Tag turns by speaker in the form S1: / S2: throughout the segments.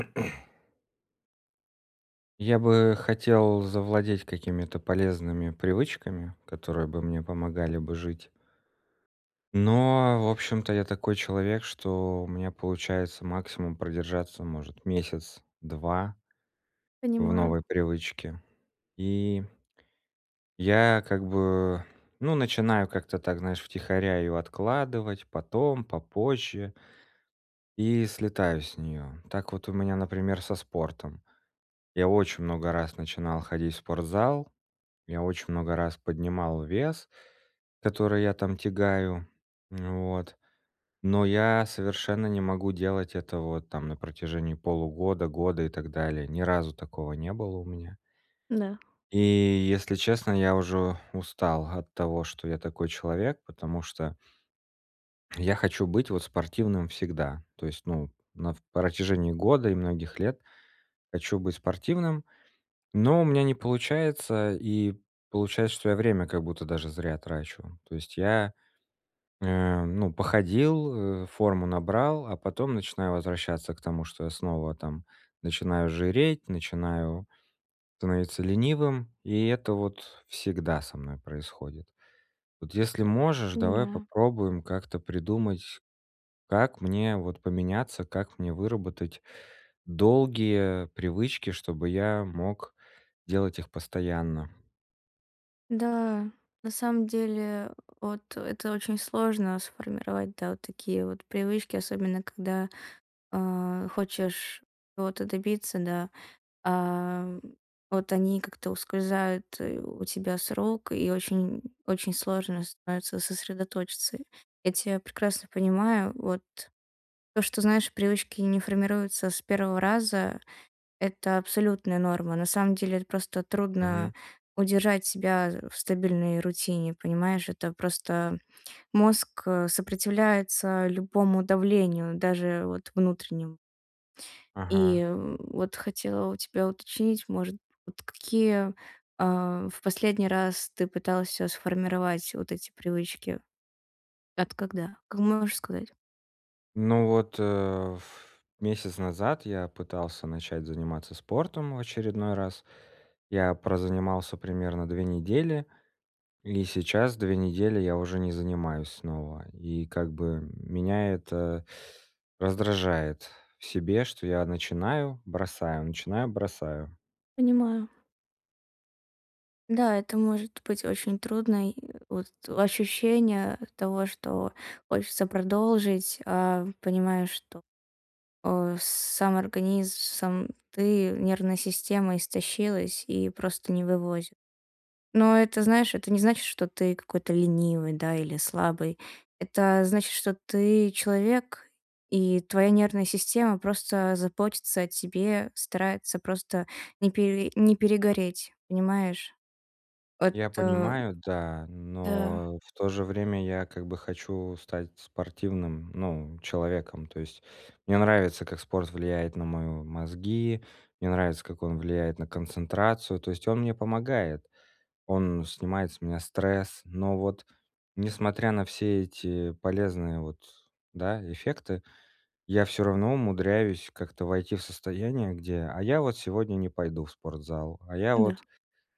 S1: Я бы хотел завладеть какими-то полезными привычками, которые бы мне помогали бы жить. Но в общем-то я такой человек, что у меня получается максимум продержаться может месяц, 2 в
S2: Понимаю.
S1: новой привычке. И я как бы, ну, начинаю как-то так, знаешь, втихаря ее откладывать, потом, попозже. И слетаю с нее. Так вот у меня, например, со спортом. Я очень много раз начинал ходить в спортзал. Я очень много раз поднимал вес, который я там тягаю, вот, но я совершенно не могу делать этого вот там на протяжении полугода, года и так далее. Ни разу такого не было у меня.
S2: Да.
S1: И, если честно, я уже устал от того, что я такой человек, потому что я хочу быть вот спортивным всегда. То есть, ну, на в протяжении года и многих лет хочу быть спортивным, но у меня не получается, и получается, что я время как будто даже зря трачу. То есть, я, э, ну, я походил, э, форму набрал, а потом начинаю возвращаться к тому, что я снова там начинаю жиреть, начинаю становиться ленивым, и это вот всегда со мной происходит. Вот если можешь, давай
S2: Понимаю.
S1: попробуем как-то придумать, как мне вот поменяться, как мне выработать долгие привычки, чтобы я мог делать их постоянно.
S2: Да, на самом деле от это очень сложно сформировать, да, вот такие вот привычки, особенно когда, э, хочешь ото добиться, да. А вот они как-то ускользают. И у тебя сроки, и очень очень сложно становится сосредоточиться. Я тебя прекрасно понимаю, вот. То, что, знаешь, привычки не формируются с первого раза- это абсолютная норма. На самом деле это просто трудно
S1: Мгм.
S2: удержать себя, э, в стабильной рутине, понимаешь? Это просто мозг, э, сопротивляется любому давлению, даже вот внутреннему. И,
S1: Ага.
S2: м вот хотела у тебя уточнить, может, вот какие, э, в последний раз ты пытался сформировать, вот эти привычки? От когда? А можешь сказать?
S1: Ну вот, э, ф месяц назад я пытался начать заниматься спортом в очередной раз. Я прозанимался примерно 2 недели, и сейчас 2 недели я уже не занимаюсь снова. И, как бы, меня это раздражает в себе, что я: начинаю, бросаю, начинаю, бросаю.
S2: Понимаю. Да, это может быть очень трудно, и вот ощущение того, что хочется продолжить, а понимаешь, что, о сам организм, сам ты, нервная система истощилась и просто не вывозит. Но это, знаешь, это не значит, что ты какой-то ленивый, да, или слабый. Это значит, что ты человек, и твоя нервная система просто заботится о тебе, старается просто не пере не перегореть, понимаешь? Вот,
S1: Я
S2: э
S1: понимаю, да,
S2: да.
S1: но в то же время я как бы хочу стать спортивным, ну, человеком. То есть мне нравится, как спорт влияет на мои мозги, мне нравится, как он влияет на концентрацию, то есть он мне помогает, он снимает с меня стресс, но вот несмотря на все эти полезные вот, да, эффекты, я всё равно умудряюсь как-то войти в состояние, где: "А я вот сегодня не пойду в спортзал, а я
S2: Да.
S1: вот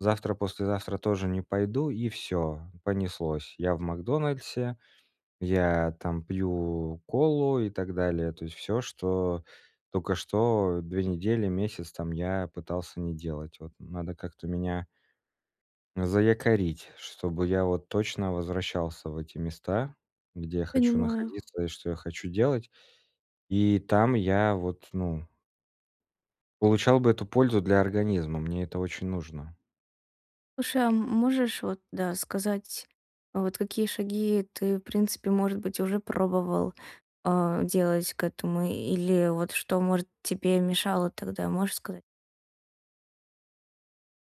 S1: завтра-послезавтра тоже не пойду". И всё, понеслось. Я в "Макдональдсе", я там пью колу и так далее, то есть всё, что только что 2 недели, месяц там я пытался не делать. Вот надо как-то меня заякорить, чтобы я вот точно возвращался в эти места, где хочу
S2: Понимаю.
S1: находиться и что я хочу делать. И там я вот, ну Получал бы эту пользу для организма. Мне это очень нужно.
S2: Слушай, а, м можешь вот, да, сказать, вот какие шаги ты, в принципе, может быть, уже пробовал, а, делать к этому или вот что, может, тебе мешало тогда, можешь сказать?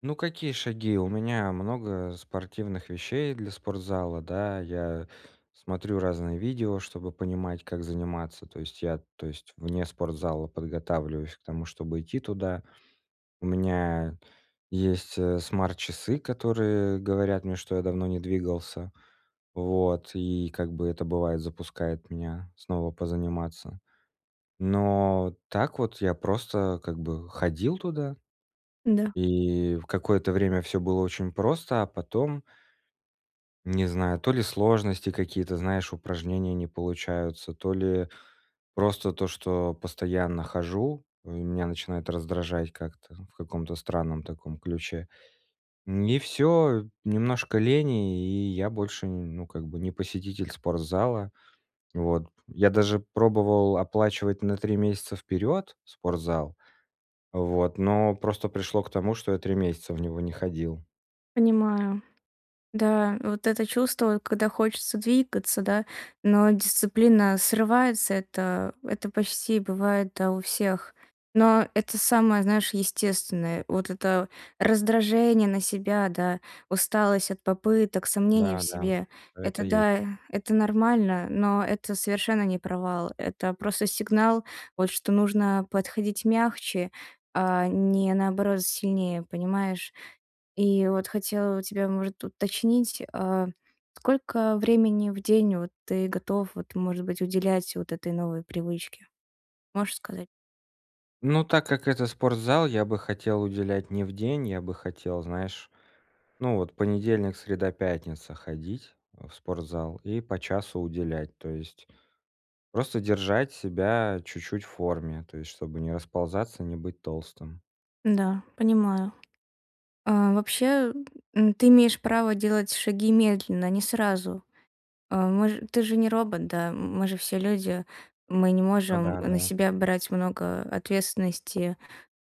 S1: Ну, какие шаги? У меня много спортивных вещей для спортзала, да, я смотрю разные видео, чтобы понимать, как заниматься, то есть я, то есть вне спортзала подготавливаюсь к тому, чтобы идти туда. У меня есть, э, смарт-часы, которые говорят мне, что я давно не двигался. Вот, и как бы это, бывает, запускает меня снова позаниматься. Но так вот я просто как бы ходил туда,
S2: Да.
S1: и в какое-то время всё было очень просто, а потом не знаю, то ли сложности, какие-то, знаешь, упражнения не получаются, то ли просто то, что постоянно хожу, меня начинает раздражать как-то, в каком-то странном таком ключе. Н и всё, немножко лени, и я больше, ну, как бы не посетитель спортзала. Вот, я даже пробовал оплачивать на 3 месяца вперед спортзал, вот, но просто пришло к тому, что я 3 месяца в него не ходил.
S2: Понимаю. Да, вот это чувство, когда хочется двигаться, да, но дисциплина срывается, это это почти бывает, да, у всех. Но это самое, знаешь, естественное. Вот это раздражение на себя, да, усталость от попыток, сомнения
S1: Да
S2: в
S1: да,
S2: себе.
S1: всё это
S2: Это
S1: есть.
S2: да, это нормально, но это совершенно не провал. Это просто сигнал, вот, что нужно подходить мягче, а не, наоборот, сильнее, понимаешь? И вот хотела у тебя, может, уточнить, а, сколько времени в день вот ты готов вот, может быть, уделять вот этой новой привычке? Можешь сказать?
S1: Ну, так как это спортзал, я бы хотел уделять не в день, я бы хотел, знаешь, ну вот, понедельник, среда, пятница- ходить в спортзал и по часу уделять, то есть просто держать себя чуть-чуть в форме, то есть чтобы не расползаться, не быть толстым.
S2: Да, понимаю. А, вообще, м, ты имеешь право делать шаги медленно, не сразу. А, мож ты же не робот, да? М мы же все люди. Мы не
S1: Ну
S2: можем
S1: да,
S2: на
S1: да.
S2: себя брать много ответственности,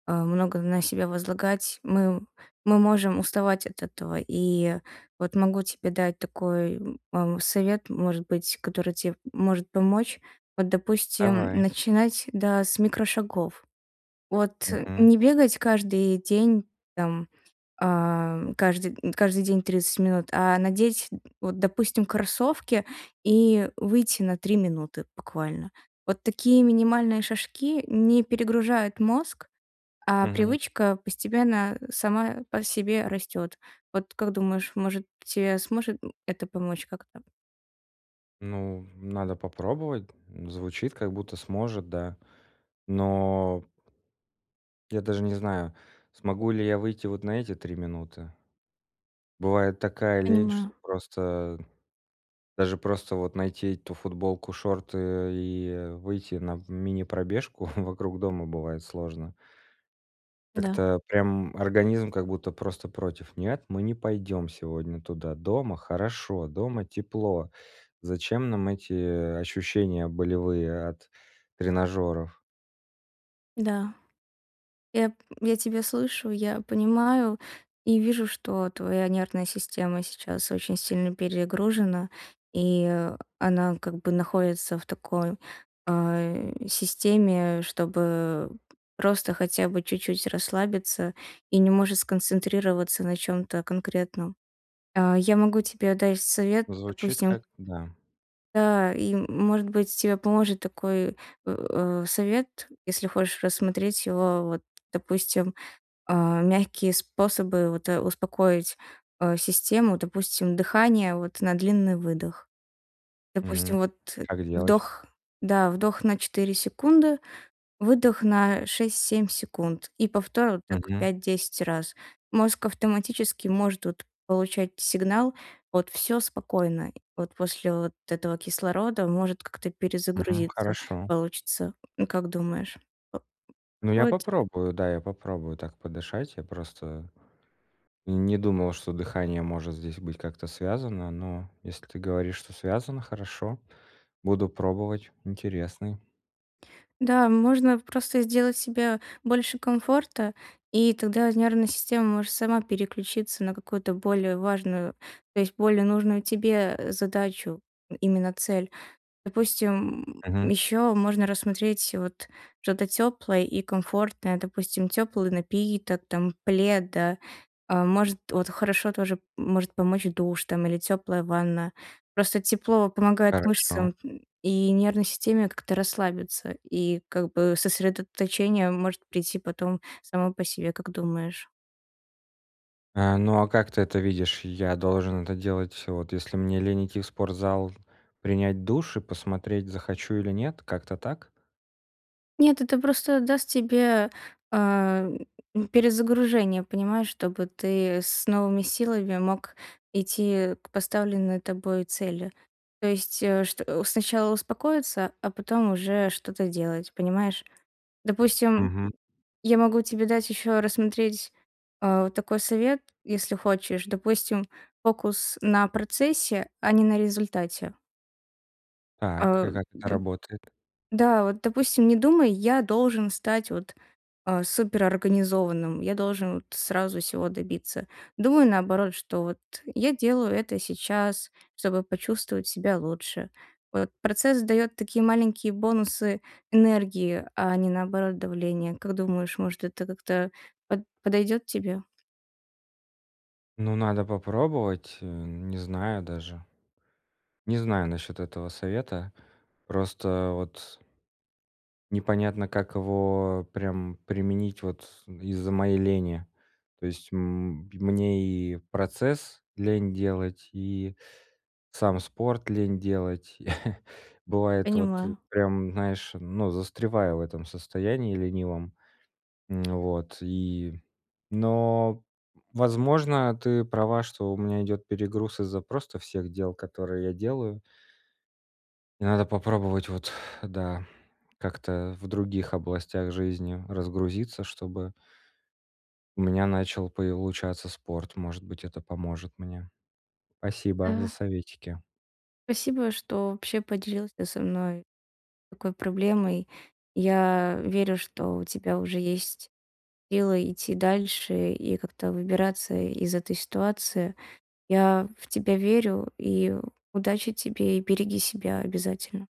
S2: а, много на себя возлагать. Мы мы можем уставать от этого. И вот могу тебе дать такой, м, ам, совет, может быть, который те может помочь. Вот, допустим,
S1: Давай.
S2: начинать, да, с микрошагов. Вот
S1: Мгм.
S2: не бегать каждый день, там, а, кажды каждый день 30 минут, а надеть, вот, допустим, кроссовки и выйти на 3 минуты буквально. Вот такие минимальные шажки не перегружают мозг, а
S1: Мгм.
S2: привычка постепенно сама по себе растёт. Вот как думаешь, может тебе сможет это помочь как-то?
S1: Ну, в надо попробовать. Звучит, как будто сможет, да. Но Я даже не знаю, смогу ли я выйти вот на эти 3 минуты. Бывает такая лень, что
S2: Понимаю.
S1: просто даже просто, вот, найти эту футболку, шорты, э, и, э, выйти на в мини-пробежку вокруг дома бывает сложно.
S2: Да.
S1: Как-то прям, м, организм как будто просто против: "Нет, мы не пойдем сегодня туда, дома хорошо, дома тепло. Зачем нам эти, э, ощущения болевые от тренажёров?"
S2: Да. Я п я тебя слышу, я понимаю и вижу, что твоя нервная система сейчас очень сильно перегружена и, э, она как бы находится в такой, а, э, системе, э, чтобы, э, просто хотя бы чуть-чуть расслабиться, и не может сконцентрироваться на чём-то конкретном. А, я могу тебе дать совет,
S1: Звучит
S2: допустим
S1: как да.
S2: Да, и м может быть, тебе поможет такой в э, совет, если хочешь рассмотреть его, вот, допустим, а, мягкие способы, вот, э, успокоить, э, систему. Допустим, дыхание, вот, на длинный выдох.
S1: Мгм.
S2: Допустим, вот,
S1: Как делать?
S2: вдох да вдох на 4 секунды, выдох на 6-7 секунд и повтор вот так
S1: Мгм.
S2: 5-10 раз. Мозг автоматически может, вот, получать сигнал: "Всё спокойно". Вот, после вот этого кислорода может как-то
S1: Мгм.
S2: перезагрузиться
S1: Хорошо.
S2: получится. Как думаешь, во м,
S1: Ну, я
S2: подходит тебе?
S1: попробую, да, я попробую так подышать. Я просто и не думал, что дыхание может здесь быть как-то связано, но если ты говоришь, что связано, хорошо. Буду пробовать. Интересный.
S2: Да, можно просто сделать себе больше комфорта, и тогда нервная система может сама переключиться на какую-то более важную то есть более нужную тебе, э, задачу, именно цель. Допустим, м,
S1: Мгм.
S2: ещё можно рассмотреть вот что-то тёплое и комфортное. Допустим, тёплый напиток там, плед, да? А может, вот хорошо тоже может помочь душ там или тёплая ванна. Просто тепло помогает
S1: Хорошо.
S2: мышцам т и нервной системе как-то расслабиться, и, как бы, сосредоточение может прийти потом само по себе, как думаешь?
S1: А, ну а как ты это видишь? Я должен это делать Вот если мне лень идти в спортзал, принять душ и посмотреть, захочу или нет. Как-то так?
S2: Нет, это просто даст тебе, а, м, перезагружение, понимаешь, чтобы ты с новыми силами мог идти к поставленной тобой цели. То есть, э, что сначала успокоиться, а потом уже что-то делать, понимаешь? Допустим,
S1: Мгм.
S2: я могу тебе дать еще рассмотреть, а, такой совет, если хочешь. Допустим, фокус на процессе, а не на результате.
S1: Так, и
S2: А,.
S1: как это работает?
S2: Да, вот, допустим, не думай: "Я должен стать вот, а, суперорганизованным, я должен вот сразу всего добиться". Думай наоборот, что вот я делаю это сейчас, чтобы почувствовать себя лучше. Вот процесс дает такие маленькие бонусы энергии, а не наоборот давления. Как думаешь, может, это как-то под подойдет тебе?
S1: Ну, надо попробовать, э, не знаю даже. Не знаю насчет этого совета. Просто вот Непонятно, как его прям применить вот из-за моей лени. То есть, м, мне и процесс лень делать, и сам спорт лень делать. Бывает, вот
S2: Понимаю.
S1: прям знаешь, ну, застреваю в этом состоянии ленивом. М, вот, и но, возможно, ты права, что у меня идет перегруз из-за просто всех дел, которые я делаю. И надо попробовать, вот, да, как-то в других областях жизни разгрузиться, чтобы у меня начал получаться спорт. Может быть, это поможет мне. Спасибо за
S2: Да.
S1: советики.
S2: Спасибо, что вообще поделился со мной такой проблемой. Я верю, что у тебя уже есть силы идти дальше и как-то выбираться из этой ситуации, я в тебя верю и удачи тебе. И береги себя обязательно.